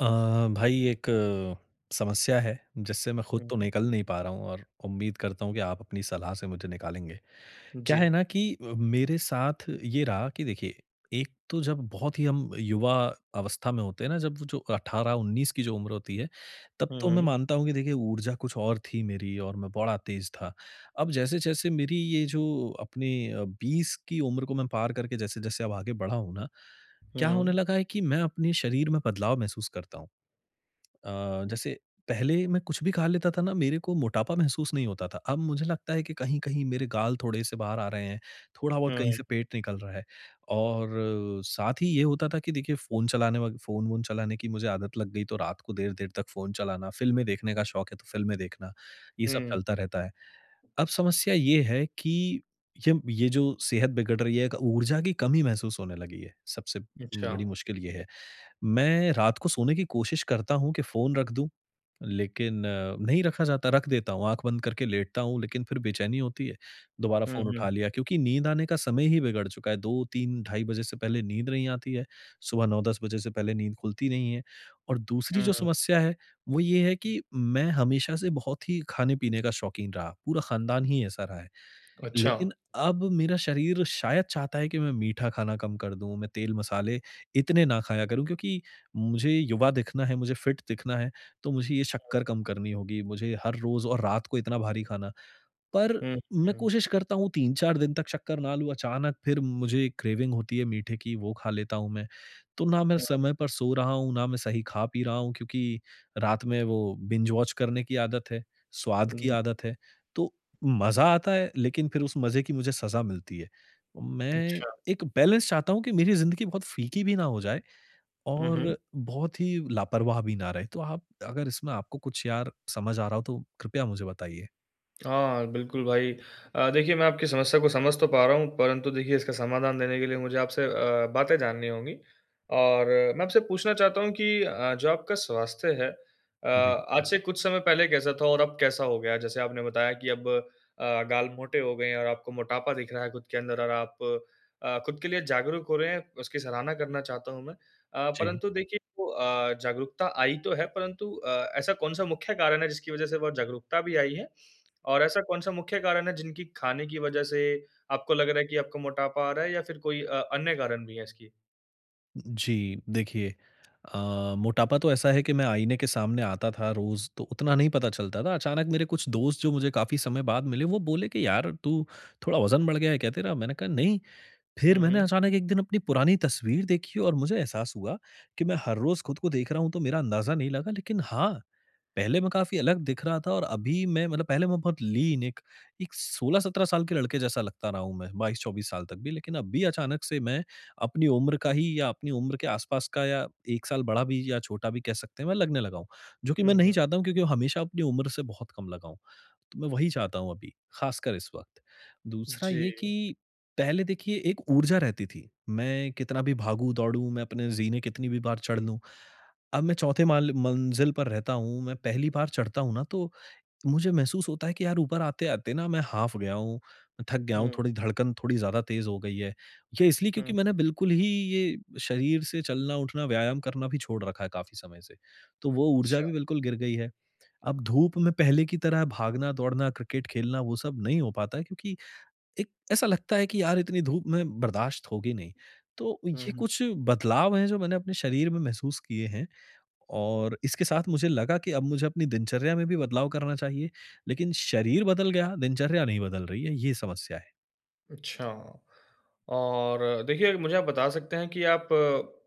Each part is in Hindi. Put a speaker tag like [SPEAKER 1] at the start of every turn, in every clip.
[SPEAKER 1] अ, भाई एक समस्या है जिससे मैं खुद
[SPEAKER 2] हुँ,
[SPEAKER 1] तो
[SPEAKER 2] हुँ।
[SPEAKER 1] निकल नहीं पा रहा हूँ और उम्मीद करता हूँ कि आप अपनी सलाह से मुझे निकालेंगे। क्या है
[SPEAKER 2] जी।
[SPEAKER 1] ना कि अ, मेरे साथ ये रहा कि देखिए, एक तो जब बहुत ही हम युवा अवस्था में होते हैं ना, जब वो जो 18-19 की जो उम्र होती है, तब तो
[SPEAKER 2] हुँ,
[SPEAKER 1] मैं
[SPEAKER 2] हुँ।
[SPEAKER 1] मानता हूँ कि देखिए ऊर्जा कुछ और थी मेरी और मैं बड़ा तेज़ था। अब जैसे-जैसे मेरी ये जो अपने अ, 20 की उम्र को मैं पार करके जैसे-जैसे अब आगे बड़ा हूँ ना। क्या होने
[SPEAKER 2] हुँ।
[SPEAKER 1] लगा है कि मैं अपने शरीर में बदलाव महसूस करता हूँ। अ, जैसे पहले मैं कुछ भी खा लेता था ना, मेरे को मोटापा महसूस नहीं होता था। अब मुझे लगता है कि कहीं-कहीं मेरे गाल थोड़े-से बाहर आ रहे हैं, थोड़ा-बहुत कहीं
[SPEAKER 2] हुँ।
[SPEAKER 1] से पेट निकल रहा है। और साथ ही ये होता था कि देखिए फ़ोन चलाने फ़ोन-वोन चलाने की मुझे आदत लग गई, तो रात को देर-देर तक फ़ोन चलाना, फ़िल्में देखने का शौक़ है तो फ़िल्में देखना, ये सब
[SPEAKER 2] हुँ।
[SPEAKER 1] चलता रहता है। अब समस्या ये है कि ये ये जो सेहत बिगड़ रही है, एक ऊर्जा की कमी महसूस होने लगी है सबसे बड़ी
[SPEAKER 2] अच्छा।
[SPEAKER 1] मुश्किल ये है। मैं रात को सोने की कोशिश करता हूँ कि फ़ोन रख दूँ लेकिन अ, नहीं रखा जाता है रख देता हूँ, आँख बंद करके लेटता हूँ, लेकिन फ़िर बेचैनी होती है दोबारा
[SPEAKER 2] हुँ,
[SPEAKER 1] फ़ोन उठा
[SPEAKER 2] हुँ।
[SPEAKER 1] लिया। क्योंकि नींद आने का समय ही बिगड़ चुका है, 2-3 ढाई बजे से पहले नींद नहीं आती है। सुबह 9-10 बजे से पहले नींद खुलती नहीं है। और दूसरी जो
[SPEAKER 2] हुँ।
[SPEAKER 1] समस्या है वो ये है कि मैं हमेशा से बहुत ही खाने-पीने का शौक़ीन रहा, पूरा खानदान ही ऐसा रहा है।
[SPEAKER 2] अच्छा।
[SPEAKER 1] लेकिन अब मेरा शरीर शायद चाहता है कि मैं मीठा खाना कम कर दूँ, मैं तेल, मसाले इतने ना खाया करूँ क्योंकि मुझे युवा दिखना है, मुझे फिट दिखना है, तो मुझे ये
[SPEAKER 2] [unintelligible]
[SPEAKER 1] शक्कर कम करनी होगी। मुझे हर रोज़ और रात को इतना भारी खाना पर
[SPEAKER 2] हुँ,
[SPEAKER 1] मैं
[SPEAKER 2] हुँ।
[SPEAKER 1] कोशिश करता हूँ 3-4 दिन तक शक्कर ना लूँ। अचानक फ़िर मुझे क्रेविंग होती है मीठे की, वो खा लेता हूँ मैं। तो ना मैं
[SPEAKER 2] हुँ।
[SPEAKER 1] समय पर सो रहा हूँ, ना मैं सही खा-पी रहा हूँ क्योंकि रात में वो बिंज-वॉच करने की आदत है, स्वाद की
[SPEAKER 2] हुँ।
[SPEAKER 1] आदत है। तो मज़ा आता है लेकिन फ़िर उस मज़े की मुझे सज़ा मिलती है। मैं
[SPEAKER 2] अच्छा।
[SPEAKER 1] एक बैलेंस चाहता हूँ कि मेरी ज़िंदगी बहुत फीकी भी ना हो जाए
[SPEAKER 2] हुँ, हुँ।
[SPEAKER 1] और बहुत ही लापरवाह भी ना रहे। तो आप अगर इसमें आपको कुछ यार समझ आ रहा हो तो कृपया मुझे बताइए?
[SPEAKER 2] हाँ, बिल्कुल भाई। अ, देखिए मैं आपकी समस्या को समझ तो पा रहा हूँ परंतु देखिए इसका समाधान देने के लिए मुझे आपसे अ, बातें जाननी होंगी। और मैं आपसे पूछना चाहता हूँ कि अ, जो आपका स्वास्थ्य है, अ,
[SPEAKER 1] जी।
[SPEAKER 2] आज से कुछ समय पहले कैसा था और अब कैसा हो गया? जैसे आपने बताया कि अब अ, गाल मोटे हो गए हैं और आपको मोटापा दिख रहा है खुद के अंदर और आप अ, खुद के लिए जागरूक हो रहे हैं उसकी सराहना करना चाहता हूँ मैं। अ,
[SPEAKER 1] जी।
[SPEAKER 2] परंतु देखिए अ, जागरूकता आई तो है परंतु अ, ऐसा कौन-सा मुख्य कारण है जिसकी वज़ह से बहुत जागरूकता भी आई है? और ऐसा कौन-सा मुख्य कारण है जिनकी खाने की वज़ह से आपको लग रहा है कि आपको मोटापा आ रहा है? या फिर कोई अ, अन्य कारण भी है इसकी?
[SPEAKER 1] जी। देखिए, अ, मोटापा तो ऐसा है कि मैं आईने के सामने आता था रोज़ तो उतना नहीं पता चलता था। अचानक मेरे कुछ दोस्त जो मुझे काफ़ी समय बाद मिले, वो बोले कि यार तू थोड़ा वज़न बढ़ गया है क्या तेरा? मैंने कहा नहीं। फिर
[SPEAKER 2] हुँ,
[SPEAKER 1] मैंने
[SPEAKER 2] हुँ।
[SPEAKER 1] अचानक एक दिन अपनी पुरानी तस्वीर देखी और मुझे एहसास हुआ कि मैं हर रोज़ खुद को देख रहा हूँ तो मेरा अंदाजा नहीं लगा। लेकिन हाँ। पहले मैं काफ़ी अलग दिख रहा था और अभी मैं मतलब पहले मैं बहुत लीन एक एक 16-17 साल के लड़के जैसा लगता रहा हूँ मैं, 22-24 साल तक भी। लेकिन अभी अचानक से मैं अपनी उम्र का ही या अपनी उम्र के आस-पास का या 1 साल बड़ा भी या छोटा भी कह सकते हैं, मैं लगने लगा हूँ। जो कि मैं
[SPEAKER 2] हुँ,
[SPEAKER 1] नहीं
[SPEAKER 2] हुँ।
[SPEAKER 1] चाहता हूँ। क्योंकि हमेशा अपनी उम्र से बहुत कम लगा हूँ। तो मैं वही चाहता हूँ अभी, ख़ासकर इस वक़्त। दूसरा ये
[SPEAKER 2] जी।
[SPEAKER 1] कि पहले देखिए एक ऊर्जा रहती थी। मैं कितना भी भागूँ-दौडूँ, मैं अपने ज़ीने कितनी भी बार चढ़ लूँ। अब मैं चौथे माल मंजिल पर रहता हूँ, मैं पहली बार चढ़ता हूँ ना तो मुझे महसूस होता है कि यार ऊपर आते-आते ना मैं हाफ गया हूँ, मैं थक गया हूँ,
[SPEAKER 2] हुँ।
[SPEAKER 1] थोड़ी धड़कन थोड़ी ज़्यादा तेज़ हो गई है। ये इसलिए क्योंकि
[SPEAKER 2] हुँ।
[SPEAKER 1] मैंने बिल्कुल ही ये शरीर से चलना-उठना, व्यायाम करना भी छोड़ रखा है काफ़ी समय से। तो वो ऊर्जा
[SPEAKER 2] अच्छा।
[SPEAKER 1] भी बिल्कुल गिर गई है। अब धूप में पहले की तरह भागना-दौड़ना, क्रिकेट खेलना वो सब नहीं हो पाता है क्योंकि, एक ऐसा लगता है कि यार इतनी धूप में बर्दाश्त होगी नहीं। तो
[SPEAKER 2] हुँ,
[SPEAKER 1] ये
[SPEAKER 2] हुँ।
[SPEAKER 1] कुछ बदलाव है जो मैंने अपने शरीर में महसूस किए हैं। और इसके साथ मुझे लगा कि अब मुझे अपनी दिनचर्या में भी बदलाव करना चाहिए। लेकिन शरीर बदल गया, दिनचर्या नहीं बदल रही है। ये समस्या है।
[SPEAKER 2] अच्छा, और देखिए मुझे आप बता सकते हैं कि आप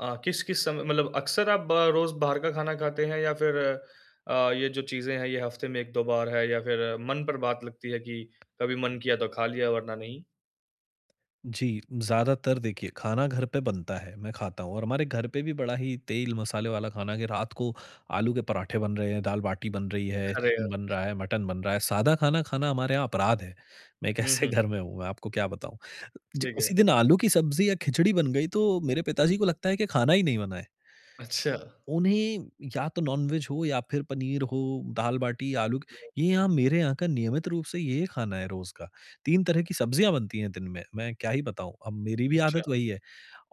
[SPEAKER 2] अ, किस-किस समय मतलब अक्सर आप बा रोज़ बाहर का खाना खाते हैं? या फिर अ, ये जो चीजें हैं ये हफ्ते में 1-2 बार है या फिर मन पर बात लगती है कि कभी मन किया तो खा लिया वरना नहीं?
[SPEAKER 1] जी, ज्यादातर देखिए खाना घर पे बनता है, मैं खाता हूँ और हमारे घर पे भी बड़ा ही तेल-मसाले वाला खाना है कि रात को आलू के पराठे बन रहे हैं, दाल-बाटी बन रही है,
[SPEAKER 2] अरे
[SPEAKER 1] चिकन
[SPEAKER 2] यार!
[SPEAKER 1] बन रहा है, मटन बन रहा है, सादा खाना खाना हमारे यहाँ अपराध है। मैं एक
[SPEAKER 2] हुँ,
[SPEAKER 1] ऐसे
[SPEAKER 2] हुँ।
[SPEAKER 1] घर में हूँ, मैं आपको क्या बताऊँ, जि
[SPEAKER 2] ठीक
[SPEAKER 1] किसी
[SPEAKER 2] है।
[SPEAKER 1] दिन आलू की सब्जी या खिचड़ी बन गई तो मेरे पिताजी को लगता है कि खाना ही नहीं बना है।
[SPEAKER 2] अच्छा।
[SPEAKER 1] उन्हें या तो नॉन-वेज हो या फिर पनीर हो, दाल-बाटी, आलू, ये यहाँ
[SPEAKER 2] [unintelligible]
[SPEAKER 1] मेरे यहाँ का नियमित रूप से ये खाना है रोज़ का, 3 तरह की सब्जियाँ बनती हैं दिन में, मैं क्या ही बताऊँ? अब मेरी भी
[SPEAKER 2] अच्छा।
[SPEAKER 1] आदत वही है।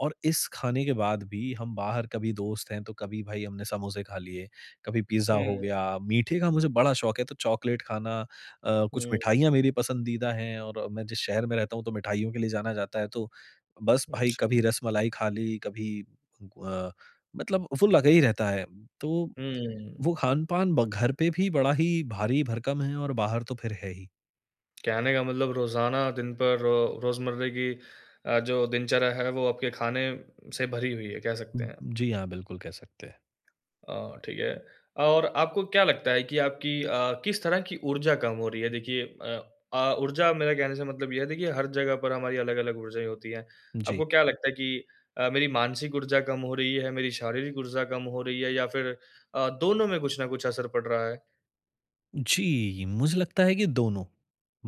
[SPEAKER 1] और इस खाने के बाद भी हम बाहर कभी दोस्त हैं तो कभी भाई हमने समोसे खा लिए, कभी पिज्जा हो
[SPEAKER 2] हुँ।
[SPEAKER 1] गया, मीठे का मुझे बड़ा शौक है तो चॉकलेट खाना अ, कुछ
[SPEAKER 2] हुँ।
[SPEAKER 1] मिठाइयाँ मेरी पसंदीदा हैं और मैं जिस शहर में रहता हूँ तो मिठाइयों के लिए जाना जाता है तो बस भाई कभी
[SPEAKER 2] अच्छा।
[SPEAKER 1] रसमलाई खा ली, कभी ग अ, मतलब वो लगा ही रहता है। तो
[SPEAKER 2] हुँ।
[SPEAKER 1] वो खान-पान ब घर पे भी बड़ा ही भारी-भरकम है और बाहर तो फिर है ही।
[SPEAKER 2] कहने का मतलब रोज़ाना दिन पर र रोज़मर्रे की अ, जो दिनचर्या है वो आपके खाने से भरी हुई है। कह
[SPEAKER 1] उ,
[SPEAKER 2] सकते हैं।
[SPEAKER 1] जी हाँ। बिल्कुल कह सकते हैं।
[SPEAKER 2] अ, ठीक है। और आपको क्या लगता है कि आपकी, अ, किस तरह की ऊर्जा कम हो रही है? देखिए, अ अ, ऊर्जा मेरे कहने से मतलब ये है देखिए हर जगह पर हमारी अलग-अलग ऊर्जाएँ होती हैं,
[SPEAKER 1] जी।
[SPEAKER 2] आपको क्या लगता है कि अ, मेरी मानसिक ऊर्जा कम हो रही है, मेरी शारीरिक ऊर्जा कम हो रही है या फ़िर अ, दोनों में कुछ न कुछ असर पड़ रहा है?
[SPEAKER 1] जी, मुझे लगता है कि दोनों।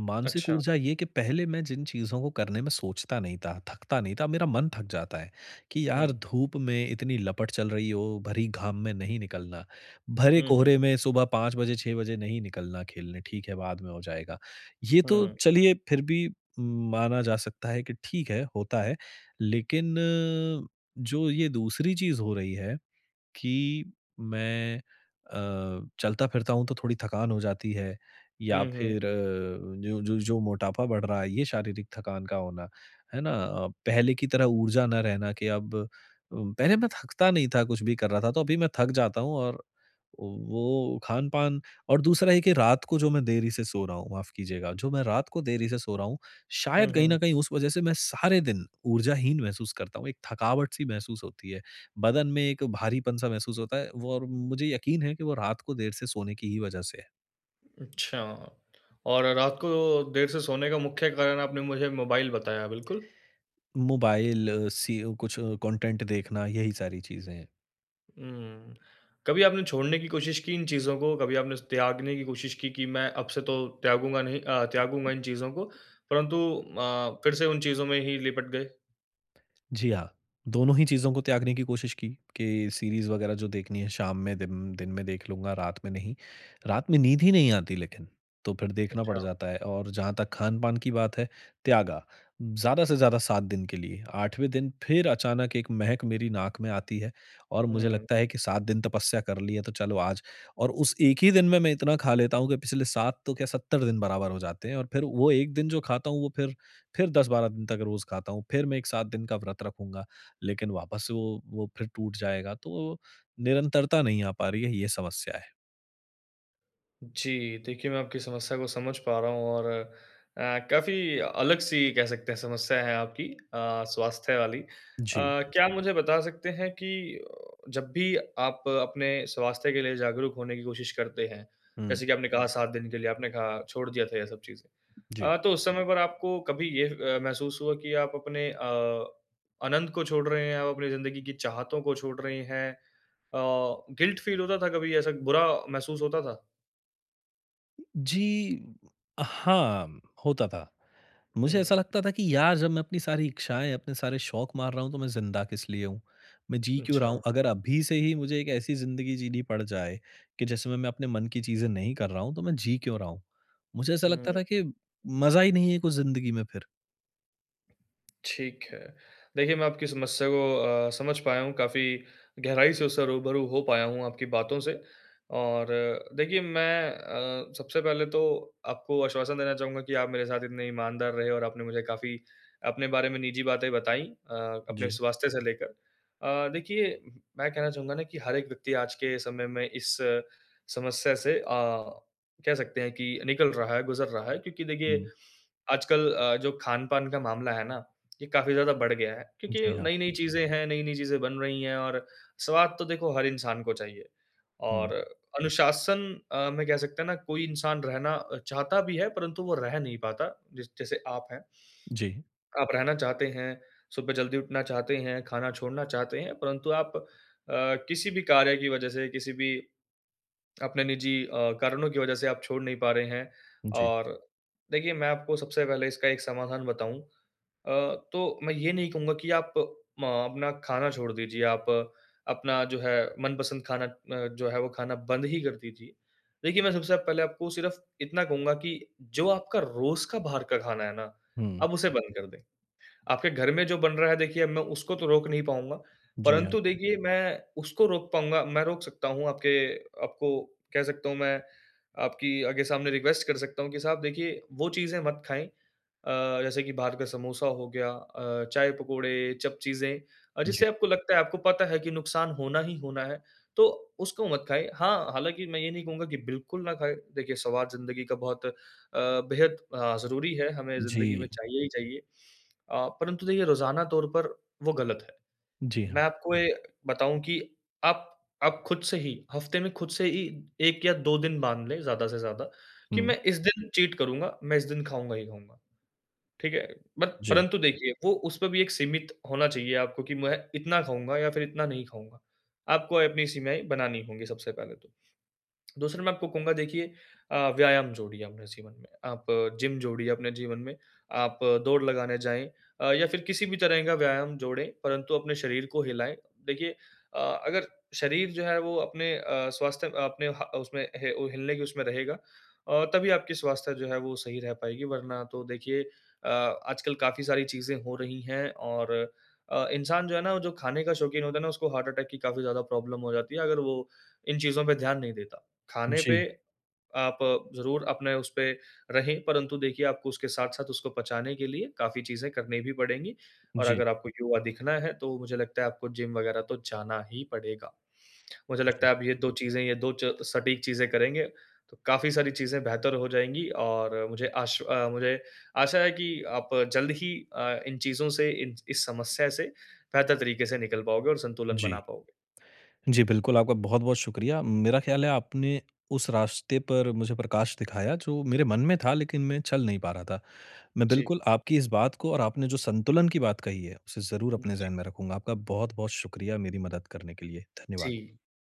[SPEAKER 1] मानसिक
[SPEAKER 2] अच्छा।
[SPEAKER 1] ऊर्जा ये कि पहले मैं जिन चीज़ों को करने में सोचता नहीं था, थकता नहीं था मेरा मन थक जाता है कि, यार
[SPEAKER 2] हुँ।
[SPEAKER 1] धूप में इतनी लपट चल रही हो, भरी घाम में नहीं निकलना। भरे
[SPEAKER 2] हुँ, हुँ।
[SPEAKER 1] कोहरे में सुबह 5 बजे, 6 बजे नहीं निकलना खेलने, ठीक है, बाद में हो जाएगा। ये तो
[SPEAKER 2] हुँ।
[SPEAKER 1] चलिए फ़िर भी उम, माना जा सकता है कि ठीक है होता है लेकिन जो ये दूसरी चीज़ हो रही है कि मैं अ, चलता-फ़िरता हूँ तो थोड़ी थकान हो जाती है या
[SPEAKER 2] हुँ, हुँ।
[SPEAKER 1] फ़िर जो जो जो मोटापा बढ़ रहा है ये शारीरिक थकान का होना, है ना? पहले की तरह ऊर्जा ना रहना कि अब अ, पहले मैं थकता नहीं था, कुछ भी कर रहा था तो अभी मैं थक जाता हूँ और औ वो खान-पान और दूसरा है कि रात को जो मैं देरी से सो रहा हूँ, माफ़ कीजिएगा जो मैं रात को देरी से सो रहा हूँ,
[SPEAKER 2] हुँ,
[SPEAKER 1] शायद कहीं
[SPEAKER 2] हुँ।
[SPEAKER 1] न कहीं उस वजह से मैं सारे दिन ऊर्जाहीन महसूस करता हूँ। एक थकावट-सी महसूस होती है बदन में एक भारीपन-सा महसूस होता है वो और मुझे यकीन है कि वो रात को देर से सोने की ही वज़ह से है।
[SPEAKER 2] अच्छा, और रात को देर से सोने का मुख्य कारण आपने मुझे मोबाइल बताया। बिल्कुल?
[SPEAKER 1] मोबाइल सी अ, कुछ कंटेंट देखना यही सारी चीज़ें हैं।
[SPEAKER 2] हुँ। कभी आपने छोड़ने की कोशिश की, इन चीज़ों को, कभी आपने त्यागने की कोशिश की कि मैं अब से तो त्यागूँगा नहीं अ, त्यागूँगा इन चीज़ों को परंतु अ, फ़िर से उन चीज़ों में ही लिपट गए?
[SPEAKER 1] जी हाँ। दोनों ही चीज़ों को त्यागने की कोशिश की कि सीरीज़ वग़ैरह जो देखनी है शाम में दिन दिन में देख लूँगा, रात में नहीं। रात में नींद ही नहीं आती, लेकिन तो फ़िर देखना पड़
[SPEAKER 2] अच्छा।
[SPEAKER 1] जाता है। और जहाँ तक खान-पान की बात है, त्यागा। ज़्यादा-से-ज़्यादा 7 दिन के लिए आठवें दिन फ़िर अचानक 1 महक मेरी नाक में आती है और मुझे
[SPEAKER 2] हुँ।
[SPEAKER 1] लगता है कि 7 दिन तपस्या कर ली है तो चलो आज। और उस 1 ही दिन में, मैं इतना ख़ा लेता हूँ कि पिछले 7 तो क्या 70 दिन बराबर हो जाते हैं और फ़िर वो 1 दिन जो खाता हूँ वो फ़िर फ़िर 10-12 दिन तक रोज़ खाता हूँ। फ़िर मैं एक 7 दिन का व्रत रखूँगा। लेकिन वापस से वो वो फ़िर टूट जाएगा तो निरंतरता नहीं आ पा रही है, ये समस्या है।
[SPEAKER 2] जी। देखिए, मैं आपकी समस्या को समझ पा रहा हूँ और अ, काफ़ी अलग-सी कह सकते हैं समस्या है आपकी अ, स्वास्थ्य वाली। अ,
[SPEAKER 1] जी।
[SPEAKER 2] क्या आप मुझे बता सकते हैं कि अ, जब भी आप अपने स्वास्थ्य के लिए जागरूक होने की कोशिश करते हैं,
[SPEAKER 1] हुँ।
[SPEAKER 2] जैसे कि आपने कहा, 7 दिन के लिए आपने कहा छोड़ दिया था ये सब चीजें।
[SPEAKER 1] जी।
[SPEAKER 2] अ, तो उस समय पर आपको कभी ये अ, महसूस हुआ कि आप अपने अ, आनंद को छोड़ रहे हैं आप अपनी ज़िंदगी की चाहतों को छोड़ रहे हैं। अ, गिल्ट फ़ील होता था कभी ऐसा बुरा महसूस होता था?
[SPEAKER 1] जी। हाँ, होता था।
[SPEAKER 2] हुँ,
[SPEAKER 1] मुझे ऐसा
[SPEAKER 2] हुँ।
[SPEAKER 1] लगता था कि यार जब मैं अपनी सारी इच्छाएँ, अपने सारे शौक मार रहा हूँ तो मैं जिंदा किसलिए हूँ? मैं जी क्यों रहा हूँ?
[SPEAKER 2] अच्छा।
[SPEAKER 1] अगर अभी से ही मुझे एक ऐसी ज़िंदगी जीनी पड़ जाए, कि जिसमें मैं अपने मन की चीज़ें नहीं कर रहा हूँ तो मैं जी क्यों रहा हूँ? मुझे ऐसा लगता
[SPEAKER 2] हुँ।
[SPEAKER 1] था कि, मज़ा ही नहीं है कुछ ज़िंदगी में फिर।
[SPEAKER 2] ठीक है। देखिए, मैं आपकी समस्या को अ, समझ पाया हूँ काफ़ी गहराई से उससे रूबरू हो पाया हूँ आपकी बातों से और देखिए मैं अ, सबसे पहले तो आपको आश्वासन देना चाहूँगा कि आप मेरे साथ इतने ईमानदार रहे और आपने मुझे काफ़ी अपने बारे में निजी बातें बताई अ, अपने
[SPEAKER 1] जी।
[SPEAKER 2] स्वास्थ्य से लेकर। अ, देखिए मैं कहना चाहूँगा ना कि हर एक व्यक्ति आज के समय में इस समस्या से अ, कह सकते हैं कि निकल रहा है, गुजर रहा है, क्योंकि देखिए,
[SPEAKER 1] हुँ।
[SPEAKER 2] आजकल अ, जो खान-पान का मामला है ना, ये काफ़ी ज़्यादा बढ़ गया है। क्योंकि
[SPEAKER 1] जी हाँ।
[SPEAKER 2] नई-नई चीज़ें हैं, नई-नई चीज़ें बन रही हैं और स्वाद तो देखो हर इंसान को चाहिए,
[SPEAKER 1] हुँ।
[SPEAKER 2] और अनुशासन अ, में कह सकते हैं ना कोई इंसान रहना चाहता भी है परंतु वो रह नहीं पाता जस जैसे आप है।
[SPEAKER 1] जी।
[SPEAKER 2] आप रहना चाहते हैं, सुबह जल्दी उठना चाहते हैं, खाना छोड़ना चाहते हैं परंतु आप अ, किसी भी कार्य की वज़ह से किसी भी अपने निजी अ, कारणों की वजह से आप छोड़ नहीं पा रहे हैं।
[SPEAKER 1] जी।
[SPEAKER 2] और देखिए मैं आपको सबसे पहले इसका एक समाधान बताऊँ अ, तो मैं ये नहीं कहूँगा कि आप म अपना खाना छोड़ दीजिए, आप अपना जो है मनपसंद खाना अ, जो है वो खाना बंद ही कर दीजिए। देखिए, मैं सबसे आप पहले आपको सिर्फ़ इतना कहूँगा कि जो आपका रोज का बाहर का खाना है ना,
[SPEAKER 1] हुँ।
[SPEAKER 2] आप उसे बंद कर दें। आपके घर में जो बन रहा है देखिए अब मैं उसको तो रोक नहीं पाउँगा,
[SPEAKER 1] जी हाँ।
[SPEAKER 2] परंतु देखिए मैं उसको रोक पाउँगा मैं रोक सकता हूँ आपके आपको कह सकता हूँ मैं, आपकी आगे सामने रिक्वेस्ट कर सकता हूँ कि साहब देखिए, वो चीज़ें मत खाएँ अ, जैसे कि बाहर का समोसा हो गया अ, चाय-पकोड़े चप चीज़ें अ,
[SPEAKER 1] जी।
[SPEAKER 2] जिससे आपको लगता है, आपको पता है कि नुकसान होना ही होना है, तो उसको मत खाएँ। हाँ, हालाँकि मैं ये नहीं कहूँगा कि बिल्कुल ना खाएँ, देखिए स्वाद ज़िंदगी का बहुत अ, बेहद अ, ज़रूरी है, हमें ज़िंदगी में
[SPEAKER 1] जी।
[SPEAKER 2] चाहिए ही चाहिए। अ, परंतु देखिए रोजाना तौर पर वो गलत है,
[SPEAKER 1] जी
[SPEAKER 2] मैं
[SPEAKER 1] हाँ।
[SPEAKER 2] आपको ये बताऊँ कि आप आप खुद से ही हफ़्ते में खुद से ही 1 या 2 दिन बाँध लें ज़्यादा से ज़्यादा, कि
[SPEAKER 1] हुँ।
[SPEAKER 2] मैं इस दिन चीट करूँगा, मैं इस दिन खाऊँगा ही खाऊँगा। ठीक है? बत
[SPEAKER 1] जी।
[SPEAKER 2] परंतु देखिए, वो उसपे भी एक सीमित होना चाहिए आपको कि मैं इतना खाऊँगा या फिर इतना नहीं खाऊँगा, आपको अपनी सीमाएँ बनानी होगी सबसे पहले तो। दूसरा मैं आपको कहूँगा देखिए अ, व्यायाम जोड़िए अपने जीवन में, आप जिम जोड़िए अपने जीवन में, आप दौड़ लगाने जाएँ अ, या फिर किसी भी तरह का व्यायाम जोड़ें परंतु अपने शरीर को हिलाएँ। देखिए अ, अगर शरीर जो है वो अपने अ, स्वास्थ्य अ, अपने ह उसमें ह हिलने के उसमें रहेगा, और तभी आपकी स्वास्थ्य जो है वो सही रह पाएगी वरना तो देखिए अ, आजकल काफ़ी सारी चीज़ें हो रही हैं और अ, इंसान जो है ना, वो जो खाने का शौकीन होता है ना, उसको हार्ट अटैक की काफ़ी ज़्यादा प्रॉब्लम हो जाती है, अगर वो इन चीज़ों पे ध्यान नहीं देता। खाने पे,
[SPEAKER 1] जी।
[SPEAKER 2] आप ज़रूर अपने उसपे रहें परंतु देखिए आपको उसके साथ-साथ उसको पचाने के लिए काफ़ी चीज़ें करनी भी पड़ेंगी और
[SPEAKER 1] जी।
[SPEAKER 2] अगर आपको युवा दिखना है तो मुझे लगता है आपको जिम वग़ैरह तो जाना ही पड़ेगा। मुझे लगता
[SPEAKER 1] जी।
[SPEAKER 2] है आप ये 2 चीज़े, ये 2 च सटीक चीज़े करेंगे, तो काफ़ी सारी चीज़े बेहतर हो जाएँगी और मुझे आश अ, मुझे आशा है कि आप जल्द ही अ, इन चीज़ों से, इन इस समस्या से बेहतर तरीके से निकल पाओगे और संतुलन बना
[SPEAKER 1] जी।
[SPEAKER 2] पाओगे।
[SPEAKER 1] जी, बिल्कुल, आपका बहुत-बहुत शुक्रिया, मेरा ख्याल है आपने उस रास्ते पर मुझे प्रकाश दिखाया जो मेरे मन में था लेकिन मैं चल नहीं पा रहा था। मैं
[SPEAKER 2] जी।
[SPEAKER 1] बिल्कुल आपकी इस बात को और आपने जो संतुलन की बात कही है, उसे ज़रूर अपने
[SPEAKER 2] जी।
[SPEAKER 1] जहन में रखूँगा। आपका बहुत-बहुत शुक्रिया मेरी मदद करने के लिए। धन्यवाद।
[SPEAKER 2] जी।